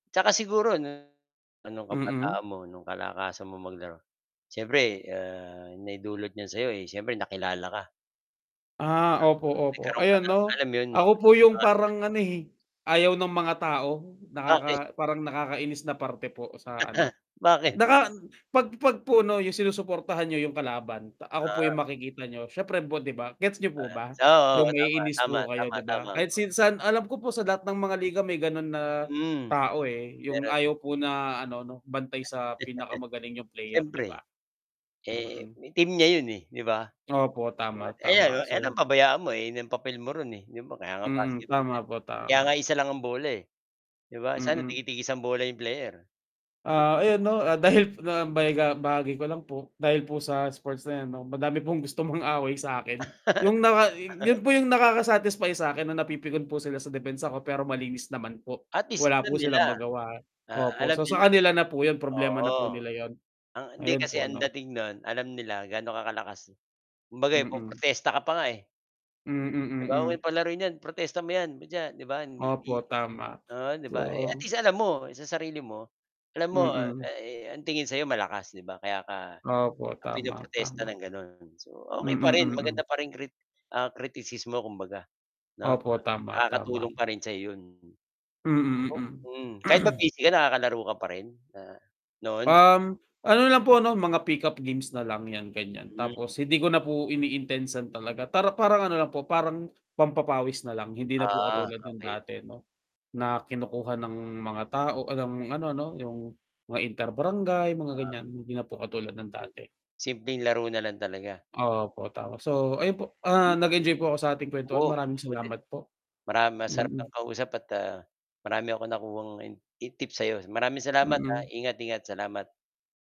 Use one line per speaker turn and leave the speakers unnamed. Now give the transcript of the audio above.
Tsaka siguro, ano ano
Mhm.
kabataan mo no'ng kalakasan mo maglaro? siyempre, ahh, naidulot niyan sa 'yo, siyempre nakilala ka.
Ah,
Nag
opo, opo
nagkaroon ka
ayan
ng
'no,
alam mo yun? ng
ako po yung
pangalan.
parang, ano, eh, ayaw ng mga tao,
Bakit.
nakaka parang nakakainis na parte po sa, ano,
Bakit?
naka pag pag po, 'no, yung sinusuportahan nyo yung kalaban, ako po
Ah.
yung makikita niyo, syempre po 'di ba? Gets niyo po
Ah,
ba
so
yung
oo tama,
maiinis
tama,
po kayo
tama,
'di ba?
tama
Kahit
ka.
si saan alam ko po sa lahat ng mga liga may, ganun, na
Mm,
tao, eh, yung
meron.
ayaw po na, ano-no, bantay sa pinakamagaling yung player 'di ba?
Syempre, Eh,
Mhm.
team niya yon eh, di ba?
Opo, tama
Eh,
tama.
ano, eh,
So
ano pabayaan mo yon na yung papel mo ro'n e, 'di ba kaya nga
Mhm.
basketball
Tama
yan,
po,
kaya nga
tama.
isa lang ang bola, 'di ba? Sana
Mhm.
tigi tig-isa ang bola 'yong player.
Ah, ayun, 'no, dahil bayagha bahagi ko lang po, dahil po sa sports na, ano, madami pong gusto mong away sakin. Yung naka yun po yung nakaka satisfy sakin, na napipikon po sila sa depensa ko, pero malinis naman po.
Atleast
Wala
alam
po
nila,
silang magawa,
ah,
opo,
alam
so,
nila.
sa kanila na po yun problema na
Oo.
po nila yun.
Ah, hindi
Ayun
kasi
po,
ang
'no.
dating no'n alam nila gaano ka kalakas, kumbaga
Mhm.
po-protesta ka pa nga eh.
Mhm,
Di ba wag nyo
mhm.
palaruin yan, protesta mo 'yan pucha, 'di ba? Di
Opo tama,
Oo, 'di ba?
Oo.
Atleast alam mo sa sarili mo, alam mo
Mhm.
ang tingin sa 'yo malakas, 'di ba? Kaya ka
Opo. Tama,
pinoprotesta
tama.
ng, gano'n. so, okey pa
Mhm,
rin
mhm.
maganda pa rin krit kritisismo kumbaga, 'no,
Opo. Tama, tama.
nakakatulong pa rin sayo 'yon.
Mhm,
Mm, kahit ba
mhm,
busy ka, nakakalaro ka pa rin? noon?
Ahm, ano, lang po no, mga pickup games nalang yan, ganyan,
Mm.
tapos hindi ko na po ini-intensan talaga. para parang, ano, lang po parang pampapawis nalang, hindi na po
Ah,
katulad ng
okay.
dati, 'no, na kinukuha ng mga tao ng ano, 'no yung mga inter barangay mga,
Ah.
ganyan, hindi na po katulad ng dati.
Simpleng laro na lang talaga.
Opo tapos, so, ayun po, ah,
Yu
nag enjoy po ako sa ating
Oo
kwentuhan maraming
ako din,
salamat po.
marami masarap
Mhm.
kang kausap at ah, marami akong nakuhang tips sayo, maraming salamat ha,
Mhm.
ingat ingat salamat.